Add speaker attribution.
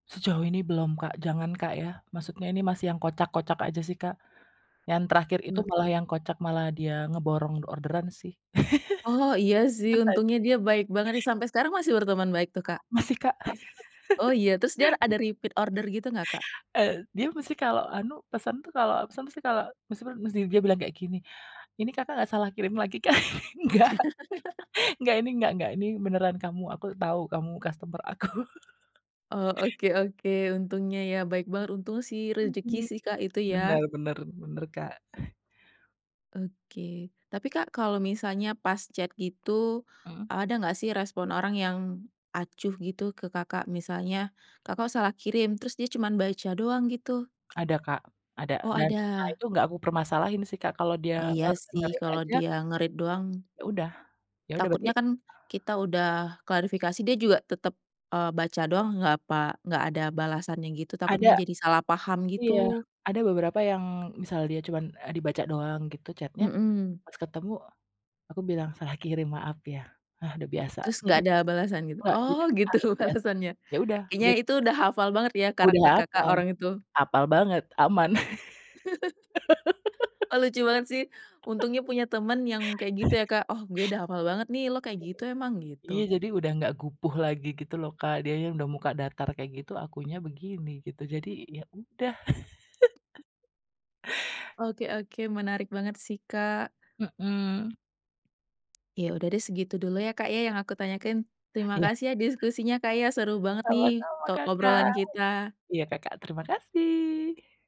Speaker 1: Sejauh ini belum, Kak, jangan, Kak, ya. Maksudnya ini masih yang kocak-kocak aja sih, Kak, yang terakhir itu
Speaker 2: [unintelligible]
Speaker 1: malah yang kocak malah dia ngeborong orderan sih..
Speaker 2: Oh, iya sih untungnya dia baik banget nih,
Speaker 1: [unintelligible]
Speaker 2: sampai sekarang masih berteman baik tuh, Kak?
Speaker 1: Masih, Kak,
Speaker 2: Oh iya, terus dia ada repeat order gitu nggak, Kak?
Speaker 1: eee, dia mesti kalau anu pesan tuh kalau pesan tuh kalau mesti dia bilang kayak gini, "ini, Kakak, gak salah kirim lagi, Kak?" Nggak nggak ini nggak nggak ini beneran kamu, aku tahu kamu, customer aku.
Speaker 2: Oh oke oke. Untungnya ya baik banget, untung sih rezeki
Speaker 1: Mhm,
Speaker 2: sih, Kak itu,
Speaker 1: benar
Speaker 2: ya.
Speaker 1: benar benar, Kak.
Speaker 2: Oke. Tapi, Kak, kalau misalnya pas chat itu
Speaker 1: Mhm.
Speaker 2: ada gak sih respon orang yang acuh gitu ke, Kakak? Misalnya, Kakak, salah kirim, terus dia cuman baca doang gitu.
Speaker 1: Ada, Kak, ada
Speaker 2: Oh,
Speaker 1: dan nah
Speaker 2: ada.
Speaker 1: itu nggak aku permasalahin sih, Kak, kalau dia
Speaker 2: Iya
Speaker 1: nge
Speaker 2: sih
Speaker 1: nge-read
Speaker 2: kalau
Speaker 1: aja
Speaker 2: dia nge-read doang
Speaker 1: yaudah yaudah
Speaker 2: takutnya
Speaker 1: berarti
Speaker 2: kan kita udah klarifikasi dia juga tetap, eee, baca doang nggak pa nggak ada balasannya gitu,
Speaker 1: Ada,
Speaker 2: takutnya jadi salah paham
Speaker 1: iya,
Speaker 2: gitu.
Speaker 1: ada beberapa yang misal dia cuma, a dibaca doang gitu chat-nya
Speaker 2: Mhm.
Speaker 1: pas ketemu aku bilang salah kirim maaf ya, ah udah biasa.
Speaker 2: Terus
Speaker 1: Jadi
Speaker 2: nggak ada balasan gitu?
Speaker 1: enggak,
Speaker 2: Oh
Speaker 1: jujur,
Speaker 2: gitu
Speaker 1: aku udah biasa,
Speaker 2: alasannya
Speaker 1: ya udah
Speaker 2: kayaknya
Speaker 1: git
Speaker 2: itu udah hafal banget ya karakter,
Speaker 1: Udah
Speaker 2: Kakak,
Speaker 1: hapal.
Speaker 2: orang itu?
Speaker 1: Hapal banget, aman.
Speaker 2: Oh lucu banget sih, untungnya punya teman yang kayak gitu ya, Kak, "Oh gue udah hafal banget nih, lo kayak gitu emang,"
Speaker 1: Iya
Speaker 2: gitu.
Speaker 1: jadi udah gak gupuh lagi gitu loh, Kak, dianya udah muka datar kayak gitu akunya begini gitu, jadi ya udah.
Speaker 2: Oke oke, menarik banget sih, Kak.
Speaker 1: Mhm.
Speaker 2: Ya udah deh segitu dulu ya, Kak, ya yang aku tanyakan. Terima
Speaker 1: Iya.
Speaker 2: kasih ya diskusinya, Kak, ya seru banget nih
Speaker 1: Sama-sama,
Speaker 2: to
Speaker 1: Kakak.
Speaker 2: obrolan kita.
Speaker 1: Iya, Kakak. Terima kasih.